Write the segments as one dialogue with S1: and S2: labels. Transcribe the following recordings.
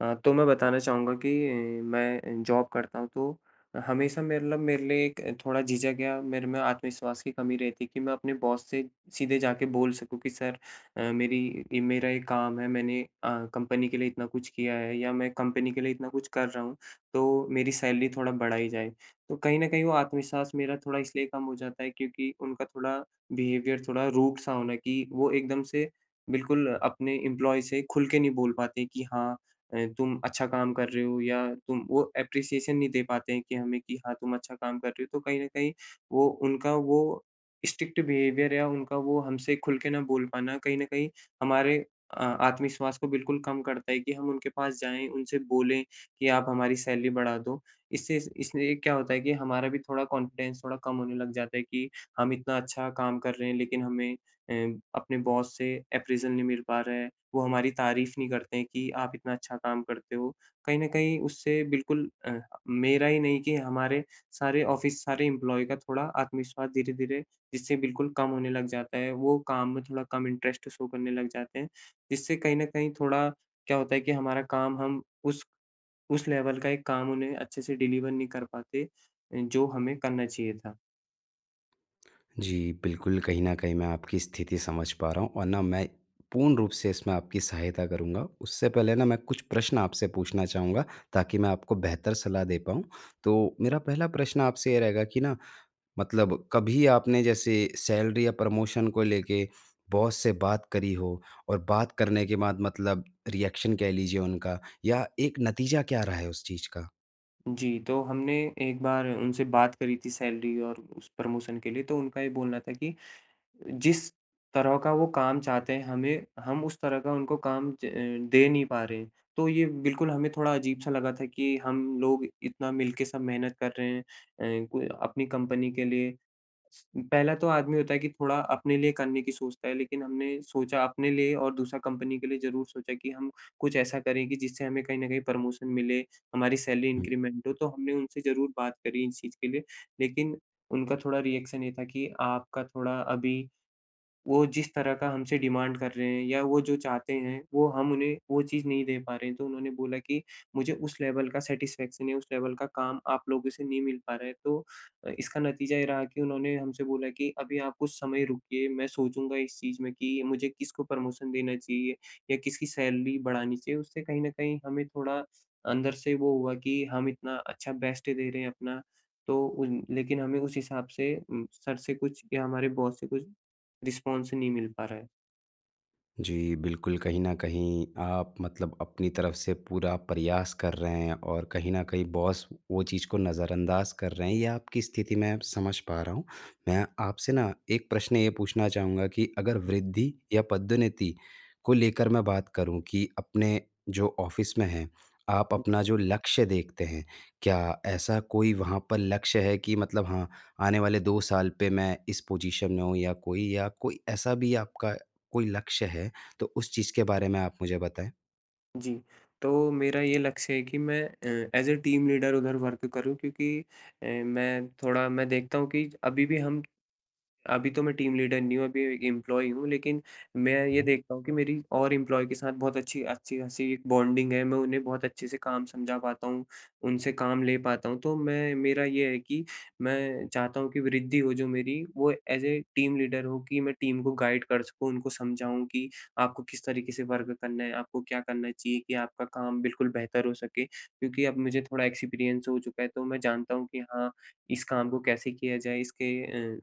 S1: अ, तो मैं बताना चाहूँगा कि मैं जॉब करता हूँ तो हमेशा मेरे लब मेरे लिए एक थोड़ा झिझक या मेरे में आत्मविश्वास की कमी रहती है कि मैं अपने बॉस से सीधे जाकर बोल सकूँ कि सर अ, मेरी मेरा एक काम है, मैंने अ, कंपनी के लिए इतना कुछ किया है या मैं कंपनी के लिए इतना कुछ कर रहा हूँ, तो मेरी सैलरी थोड़ा बढ़ाई जाए। तो कहीं न कहीं वो आत्मविश्वास मेरा थोड़ा इसलिए कम हो जाता है क्योंकि उनका थोड़ा बिहेवियर थोड़ा रूड़ सा होना, कि वो एकदम से बिल्कुल अपने एम्प्लॉयी से खुल के नहीं बोल पाते हैं, कि हाँ अ, तुम अच्छा काम कर रहे हो या तुम वो अप्प्रेसिएशन नहीं दे पाते हैं कि हमें कि हाँ, तुम अच्छा काम कर रहे हो। तो कहीं न कहीं वो उनका वो स्ट्रिक्ट बिहेवियर या उनका वो हमसे खुल के ना बोल पाना कहीं न कहीं हमारे अ, आत्मविश्वास को बिल्कुल कम करता है कि हम उनके पास जाएँ, उनसे बोलें कि आप हमारी सैलरी बढ़ा दो। इससे इसलिए क्या होता है कि हमारा भी थोड़ा कॉन्फिडेंस थोड़ा कम होने लग जाता है कि हम इतना अच्छा काम कर रहे हैं, लेकिन हमें अ, अपने बॉस से अप्रैज़ल नहीं मिल पा रहा है, वो हमारी तारीफ़ नहीं करते हैं कि आप इतना अच्छा काम करते हो। कहीं न कहीं उससे बिल्कुल अ, मेरा ही नहीं कि हमारे सारे ऑफिस सारे एम्प्लॉयी का थोड़ा आत्मविश्वास धीरे-धीरे, जिससे बिल्कुल कम होने लग जाता है, वो काम में थोड़ा कम इंटरेस्ट शो करने लग जाते हैं। जिससे कहीं न कहीं थोड़ा क्या होता है कि हमारा काम हम उस उस लेवल का एक काम उन्हें अच्छे से डिलीवर नहीं कर पाते अ, जो हमें करना चाहिए था।
S2: जी, बिल्कुल, कहीं न कहीं मैं आपकी स्थिति समझ पा रहा हूँ और ना मैं पूर्ण रूप से इसमें आपकी सहायता करूँगा। उससे पहले ना मैं कुछ प्रश्न आपसे पूछना चाहूँगा, ताकि मैं आपको बेहतर सलाह दे पाऊँ। तो मेरा पहला प्रश्न आपसे ये रहेगा कि ना मतलब कभी आपने जैसे सैलरी या प्रमोशन को लेके बॉस से बात करी हो? और बात करने के बाद मतलब रिएक्शन कह लीजिए उनका, या एक नतीजा क्या रहा है उस चीज़ का?
S1: जी, तो हमने एक बार उनसे बात करी थी सैलरी और उस प्रमोशन के लिए तो उनका ये बोलना था कि जिस तरह का वो काम चाहते हैं हमे हम उस तरह का उनको काम ज दे नहीं पा रहें। तो ये बिल्कुल हमें थोड़ा अजीब सा लगा था कि हम लोग इतना मिलके सब मेहनत कर रहे हैं, अ, क अपनी कंपनी के लिए। पहला तो आदमी होता है कि थोड़ा, अपने लिए करने की सोचता है लेकिन हमने सोचा अपने लिए और दूसरा कंपनी के लिए ज़रूर सोचा कि हम कुछ ऐसा करें कि जिससे हमें कहीं न कहीं प्रमोशन मिले, हमारी सैलरी
S2: हुँ।
S1: इंक्रीमेंट हो तो हमने उनसे ज़रूर बात करी इस चीज़ के लिए। लेकिन उनका थोड़ा रिएक्शन ये था कि आपका थोड़ा अभी वो जिस तरह का हमसे डिमांड कर रहे हैं या वो जो चाहते हैं वो हम उन्हें, वो चीज़ नहीं दे पा रहे हैं। तो उन्होंने बोला कि मुझे उस लेवल का सैटिस्फैक्शन या उस लेवल का काम आप लोगों से नहीं मिल पा रहा है तो अ, इसका नतीजा ये रहा कि उन्होंने हमसे बोला कि अभी आप कुछ समय रुकिए मैं सोचूँगा इस चीज़ में कि मुझे किसको प्रमोशन देना चाहिए, या किसकी सैलरी बढ़ानी चाहिए उससे कहीं न कहीं हमें थोड़ा अंदर से वो हुआ कि हम इतना अच्छा बेस्ट दे रहे हैं अपना, तो उन लेकिन हमें उस हिसाब से उम, सर से कुछ या हमारे बॉस से कुछ, रिस्पॉन्स नहीं मिल पा रहा है।
S2: जी, बिल्कुल, कहीं न कहीं आप मतलब अपनी तरफ से पूरा प्रयास कर रहे हैं और कहीं न कहीं बॉस वो चीज़ को नज़रअंदाज़ कर रहे हैं या आपकी स्थिति मैं अब समझ पा रहा हूँ। मैं आपसे ना 1 प्रश्न ये पूछना चाहूँगा कि अगर वृद्धि या पदोन्नति को लेकर मैं बात करूँ कि अपने जो ऑफिस में हैं, आप अपना जो लक्ष्य देखते हैं, क्या ऐसा कोई वहाँ पर लक्ष्य है कि मतलब हाँ, आने वाले 2 साल पे मैं इस पोजीशन में हूँ या कोई या कोई ऐसा भी आपका कोई लक्ष्य है तो उस चीज के बारे में आप मुझे बताएँ।
S1: जी, तो मेरा ये लक्ष्य है कि मैं अ, एज़ ए टीम लीडर उधर वर्क करूँ क्योंकि अ, मैं थोड़ा मैं देखता हूँ कि अभी भी हम अभी तो मैं टीम लीडर नहीं हूँ अभी ए एम्प्लॉयी हूँ लेकिन मैं
S2: हुँ,
S1: ये
S2: हुँ।
S1: देखता हूँ कि मेरी और इम्प्लॉयी के साथ बहुत अच्छी अच्छी-खासी बॉन्डिंग है, मैं उन्हें बहुत अच्छे से काम समझा पाता हूँ, उनसे काम ले पाता हूँ। तो मैं मेरा ये है कि मैं चाहता हूँ कि वृद्धि हो जो मेरी, वो एज़ ए टीम लीडर हो कि मैं टीम को गाइड कर सकूँ उनको समझाऊँ कि आपको किस तरीके से वर्क करना है? आपको क्या करना चाहिए कि आपका काम बिल्कुल बेहतर हो सके, क्योंकि अब मुझे थोड़ा एक्सपीरियंस हो चुका है तो मैं जानता हूँ कि हाँ, इस काम को कैसे किया जाए इसके अ,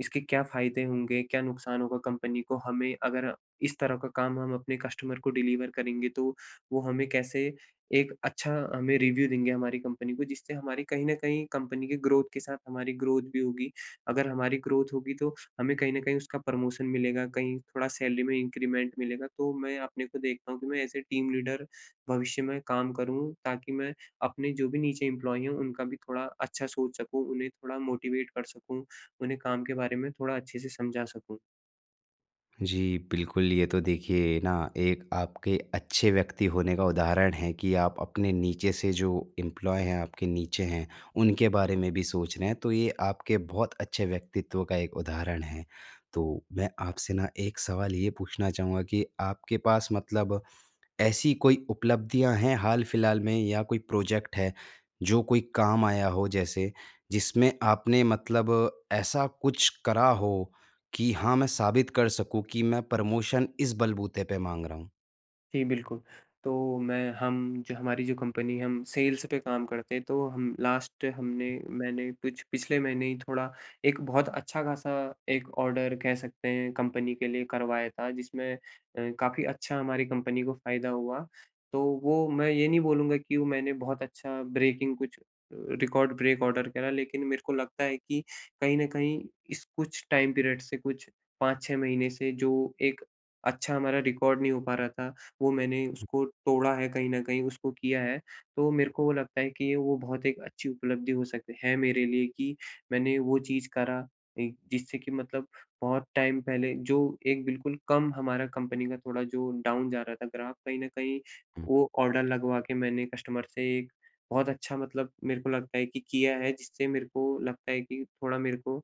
S1: इसके क्या फायदे होंगे, क्या नुकसान होगा कंपनी को हमें अगर इस तरह का काम हम अपने कस्टमर को डिलीवर करेंगे तो, वो हमें कैसे एक अच्छा हमें रिव्यू देंगे हमारी कंपनी को जिससे हमारी कहीं न कहीं कंपनी की ग्रोथ के साथ हमारी ग्रोथ भी होगी। अगर हमारी ग्रोथ होगी तो हमें कहीं न कहीं उसका प्रमोशन मिलेगा कहीं थोड़ा सैलरी में इंक्रीमेंट मिलेगा तो मैं अपने को देखता हूँ कि मैं एज़ ए टीम लीडर भविष्य में काम करूँ ताकि मैं अपने जो भी नीचे एम्प्लॉयी हैं उनका भी थोड़ा अच्छा सोच सकूँ, उन्हें थोड़ा मोटिवेट कर सकूँ, उन्हें काम के बारे में थोड़ा अच्छे से समझा सकूँ।
S2: जी, बिल्कुल ये तो देखिए ना एक आपके अच्छे व्यक्ति होने का उदाहरण है कि आप अपने नीचे से जो एम्प्लॉयी हैं आपके नीचे हैं, उनके बारे में भी सोच रहे हैं। तो ये आपके बहुत अच्छे व्यक्तित्व का एक उदाहरण है। तो मैं आपसे ना एक सवाल ये पूछना चाहूँगा कि आपके पास मतलब ऐसी कोई उपलब्धियाँ हैं हाल-फ़िलहाल में या कोई प्रोजेक्ट है, जो कोई काम आया हो जैसे। जिसमें आपने मतलब अ, ऐसा कुछ करा हो कि हाँ, मैं साबित कर सकूँ कि मैं प्रमोशन इस बलबूते पे माँग रहा हूँ?
S1: जी, बिल्कुल तो मैं हम जो हमारी जो कंपनी हम सेल्स पे काम करते हैं। तो हम लास्ट हमने
S2: हुँ।
S1: मैंने कुछ पिछले महीने ही थोड़ा एक बहुत अच्छा खासा एक ऑर्डर कह सकते हैं कंपनी के लिए करवाया था। जिसमें अ, काफ़ी अच्छा हमारी कंपनी को फ़ायदा हुआ। तो वो मैं ये नहीं बोलूँगा कि वो मैंने बहुत अच्छा ब्रेकिंग कुछ रिकॉर्ड ब्रेक ऑर्डर करा। लेकिन मेरे को लगता है कि कहीं न कहीं इस कुछ टाइम पीरियड से कुछ 5-6 महीने से, जो एक अच्छा हमारा रिकॉर्ड नहीं हो पा रहा था, वो मैंने
S2: हुँ।
S1: उसको तोड़ा है कहीं न कहीं, उसको किया है। तो मेरे को वो लगता है कि वो बहुत एक अच्छी उपलब्धि हो सक है मेरे लिए कि मैंने वो चीज़ करा अ, जिससे की मतलब बहुत टाइम पहले जो एक बिल्कुल कम हमारा कंपनी का थोड़ा जो डाउन जा रहा था ग्राफ कहीं न कहीं
S2: हुँ।
S1: वो ऑर्डर लगवा के मैंने कस्टमर से बहुत अच्छा मतलब मेरे को लगता है कि किया है। जिससे मेरे को लगता है कि थोड़ा मेरे को, अ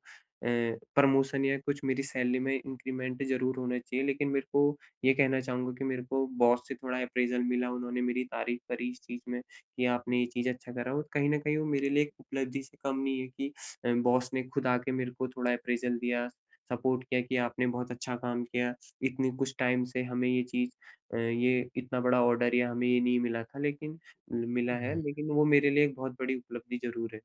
S1: प्रमोशन या कुछ मेरी सैलरी में इंक्रीमेंट ज़रूर होना चाहिए। लेकिन मेरे को ये कहना चाहूँगा कि मेरे को बॉस से थोड़ा अप्रेज़ल मिला उन्होंने मेरी तारीफ करी इस चीज़ में कि आपने ये चीज़ अच्छा करा। और कहीं न कहीं वो मेरे लिए एक उपलब्धि से कम नहीं है कि अ, बॉस ने खुद आके मेरे को थोड़ा अप्रेज़ल दिया, सपोर्ट किया कि आपने बहुत अच्छा काम किया। इतनी कुछ टाइम से हमें ये चीज़ अ, ये इतना बड़ा ऑर्डर या हमें ये नहीं मिला था लेकिन उम, मिला है।
S2: हुँ।
S1: लेकिन वो मेरे लिए एक बहुत बड़ी उपलब्धि ज़रूर है।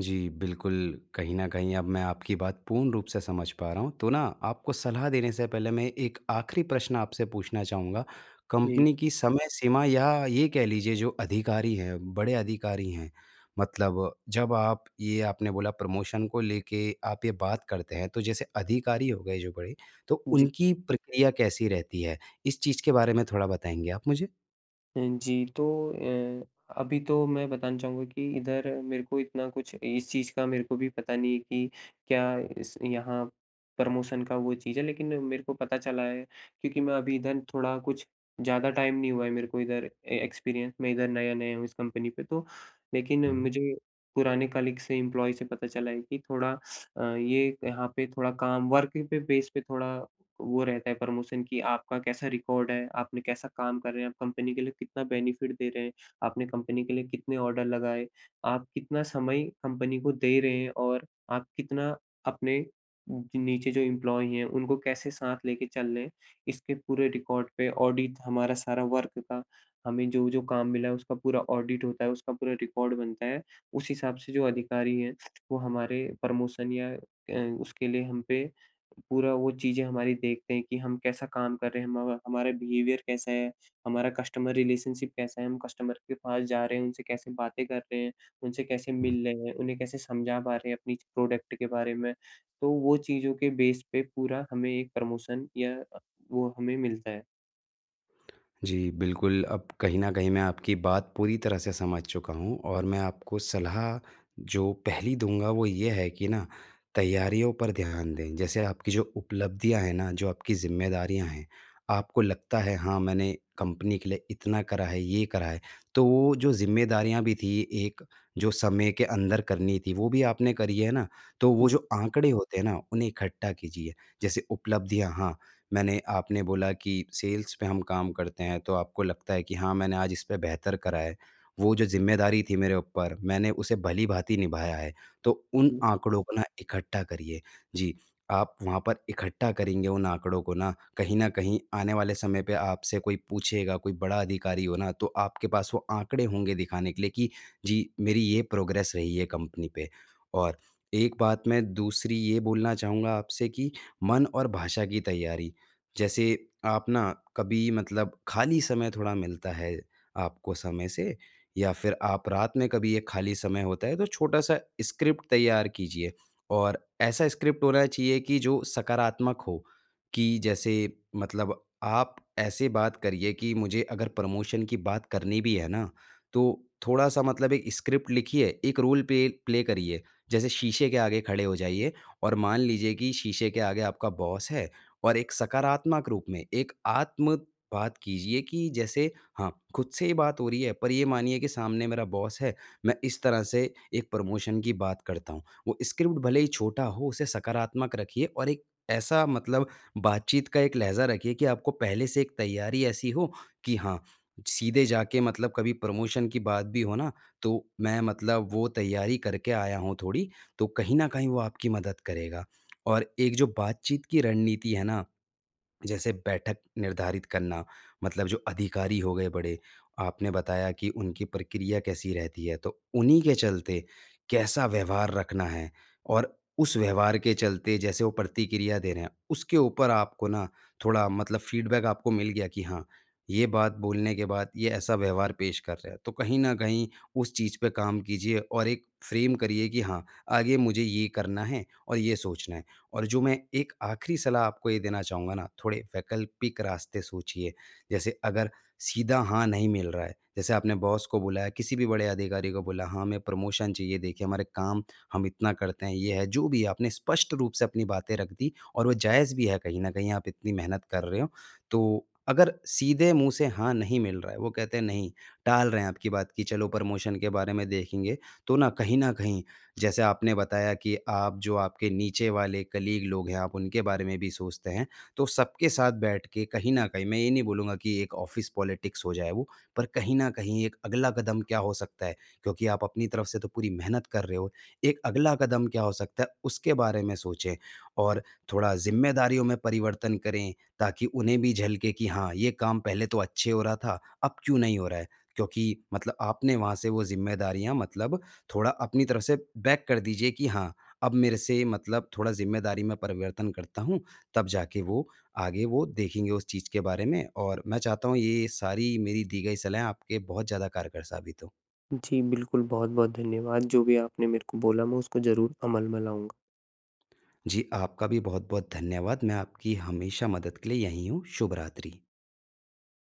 S2: जी, बिल्कुल कहीं न कहीं अब मैं आपकी बात पूर्ण रूप से समझ पा रहा हूँ, तो ना आपको सलाह देने से पहले मैं एक आखिरी प्रश्न आपसे पूछना चाहूँगा
S1: जी।
S2: कंपनी की समय सीमा या ये कह लीजिए जो अधिकारी हैं, बड़े अधिकारी हैं मतलब जब आप ये आपने बोला प्रमोशन को लेके आप ये बात करते हैं तो जैसे अधिकारी हो गए जो बड़े, तो
S1: जी।
S2: उनकी प्रक्रिया कैसी रहती है इस चीज़ के बारे में थोड़ा बताएँगे आप मुझे?
S1: अ, जी, तो अ, अभी तो मैं बताना चाहूँगा कि इधर मेरे को इतना कुछ इस चीज़ का मेरे को भी पता नहीं है कि क्या इस यहाँ, प्रमोशन का वो चीज़ है, लेकिन मेरे को पता चला है क्योंकि मैं अभी इधर थोड़ा कुछ ज़्यादा टाइम नहीं हुआ है मेरे को इधर ए एक्सपीरियंस मैं इधर नया-नया हूँ इस कंपनी पे तो, लेकिन
S2: हुँ।
S1: मुझे पुराने कलीग्स से, एम्प्लॉयज से पता चला है कि थोड़ा अ, ये यहाँ पे थोड़ा काम वर्किंग पे बेस पे थोड़ा वो रहता है प्रमोशन कि आपका कैसा रिकॉर्ड है, आपने कैसा काम कर रहे हैं, आप कंपनी के लिए कितना बेनिफिट दे रहे हैं, आपने कंपनी के लिए कितने ऑर्डर लगाए, आप कितना समय कंपनी को दे रहे हैं और आप कितना अपने उ नीचे जो एम्प्लॉय है उनको कैसे साथ लेके चल रहे हैं। इसके पूरे रिकॉर्ड पे ऑडिट हमारा सारा वर्क का हमें जो-जो काम मिला है उसका पूरा ऑडिट होता है, उसका पूरा रिकॉर्ड बनता है। उस हिसाब से जो अधिकारी हैं वो हमारे, प्रमोशन या अ, उसके लिए हम पे पूरा वो चीज़ें हमारी देखते हैं कि हम कैसा काम कर रहे हैं। हम हमारा बिहेवियर कैसा है, हमारा कस्टमर रिलेशनशिप कैसा है, हम कस्टमर के पास जा रहे हैं, उनसे कैसे बातें कर रहे हैं, उनसे कैसे
S2: हुँ।
S1: मिल रहे हैं, उन्हें कैसे समझा पा रहे हैं अपनी प्रोडक्ट के बारे में? तो वो चीज़ों के बेस पे पूरा हमें एक प्रमोशन या वो हमें मिलता है।
S2: जी, बिल्कुल। अब कहीं न कहीं मैं आपकी बात पूरी तरह से समझ चुका हूँ। और मैं आपको सलाह जो पहली दूँगा वो ये है कि ना, तैयारियों पर ध्यान दें। जैसे आपकी जो उपलब्धियाँ हैं ना, जो आपकी ज़िम्मेदारियाँ हैं, आपको लगता है हाँ, मैंने कंपनी के लिए इतना करा है, ये करा है, तो वो जो ज़िम्मेदारियाँ भी थी एक, जो समय के अंदर करनी थी वो भी आपने करी है ना, तो वो
S1: हुँ।
S2: जो आंकड़े होते हैं ना, उन्हें इकट्ठा कीजिए, जैसे उपलब्धियाँ। हाँ, मैंने आपने बोला कि सेल्स में हम काम करते हैं तो आपको लगता है कि हाँ, मैंने आज इस पे बेहतर करा है। वो जो ज़िम्मेदारी थी मेरे ऊपर मैंने उसे भली-भांति निभाया है। तो
S1: हुँ,
S2: उन
S1: हुँ।
S2: आंकड़ों को ना इकट्ठा करिए। जी, आप वहाँ पर इकट्ठा करेंगे उन आंकड़ों को ना, कहीं न कहीं आने वाले समय पे आपसे कोई पूछेगा कोई बड़ा अधिकारी हो ना तो आपके पास वो आंकड़े होंगे दिखाने के लिए कि जी, मेरी ये प्रोग्रेस रही है कंपनी पे। और एक बात मैं दूसरी ये बोलना चाहूँगा आपसे कि मन और भाषा की तैयारी। जैसे आप अपना कभी मतलब खाली समय थोड़ा मिलता है आपको समय से या फिर आप रात में कभी ये खाली समय होता है तो छोटा-सा स्क्रिप्ट तैयार कीजिए। और ऐसा स्क्रिप्ट होना चाहिए कि जो सकारात्मक हो। कि जैसे मतलब आप ऐसे बात करिए कि मुझे अगर प्रमोशन की बात करनी भी है ना तो थोड़ा-सा मतलब एक स्क्रिप्ट लिखिए, एक रोल पे प्ले करिए। जैसे शीशे के आगे खड़े हो जाइए और मान लीजिए कि शीशे के आगे आपका बॉस है और एक सकारात्मक रूप में, एक आत्म बात कीजिए कि जैसे हाँ, खुद से ही बात हो रही है पर ये मानिए कि सामने मेरा बॉस है मैं इस तरह से एक प्रमोशन की बात करता हूँ। वो स्क्रिप्ट भले ही छोटा हो उसे सकारात्मक रखिए। और एक ऐसा मतलब बातचीत का एक लहज़ा रखिए कि आपको पहले से एक तैयारी ऐसी हो कि हाँ, सीधे जाके मतलब कभी प्रमोशन की बात भी हो ना तो मैं मतलब वो तैयारी करके आया हूँ थोड़ी, तो कहीं न कहीं वो आपकी मदद करेगा। और एक जो बातचीत की रणनीति है ना जैसे बैठक निर्धारित करना। मतलब जो अधिकारी हो गए बड़े, आपने बताया कि उनकी प्रक्रिया कैसी रहती है। तो उन्हीं के चलते कैसा व्यवहार रखना है, और उस व्यवहार के चलते जैसे वो प्रतिक्रिया दे रहे हैं, उसके ऊपर आपको ना थोड़ा मतलब फीडबैक आपको मिल गया कि हाँ, ये बात बोलने के बाद ये ऐसा व्यवहार पेश कर रहे हैं। तो कहीं न कहीं उस चीज़ पे काम कीजिए। और एक फ्रेम करिए कि हाँ, आगे मुझे ये करना है और ये सोचना है। और जो मैं एक आखिरी सलाह आपको ये देना चाहूँगा ना, थोड़े वैकल्पिक रास्ते सोचिए। जैसे अगर सीधा हाँ, नहीं मिल रहा है, जैसे आपने बॉस को बुलाया, किसी भी बड़े अधिकारी को बोला, हाँ, हमें प्रमोशन चाहिए देखिए हमारे काम हम इतना करते हैं, ये है, जो भी है, आपने स्पष्ट रूप से अपनी बातें रख दी और वो जायज़ भी है कहीं न कहीं आप इतनी मेहनत कर रहे हो। तो अगर सीधे मुँह से हाँ, नहीं मिल रहा है, वो कहते हैं नहीं, टाल रहे हैं आपकी बात की चलो प्रमोशन के बारे में देखेंगे। तो ना कहीं न कहीं जैसे आपने बताया कि आप जो आपके नीचे वाले कलीग लोग हैं, आप उनके बारे में भी सोचते हैं, तो सबके साथ बैठ के कहीं न कहीं, मैं ये नहीं बोलूँगा कि एक ऑफ़िस पॉलिटिक्स हो जाए वो। पर कहीं न कहीं एक अगला कदम क्या हो सकता है, क्योंकि आप अपनी तरफ से तो पूरी मेहनत कर रहे हो। एक अगला कदम क्या हो सकता है, उसके बारे में सोचें। और थोड़ा ज़िम्मेदारियों में परिवर्तन करें ताकि उन्हें भी झलके कि हाँ, ये काम पहले तो अच्छे हो रहा था, अब क्यों नहीं हो रहा है? क्योंकि मतलब आपने वहाँ से वो ज़िम्मेदारियाँ मतलब थोड़ा अपनी तरफ से बैक कर दीजिए कि हाँ, अब मेरे से मतलब थोड़ा ज़िम्मेदारी में परिवर्तन करता हूँ, तब जाके वो आगे वो देखेंगे उस चीज़ के बारे में। और मैं चाहता हूँ ये सारी मेरी दी गई सलाहें आपके बहुत ज़्यादा कारगर साबित हो।
S1: जी, बिल्कुल। बहुत-बहुत धन्यवाद। जो भी आपने मेरे को बोला मैं उसको ज़रूर अमल में लाऊँगा।
S2: जी आपका भी बहुत-बहुत धन्यवाद। मैं आपकी हमेशा मदद के लिए यही हूँ। शुभ रात्रि।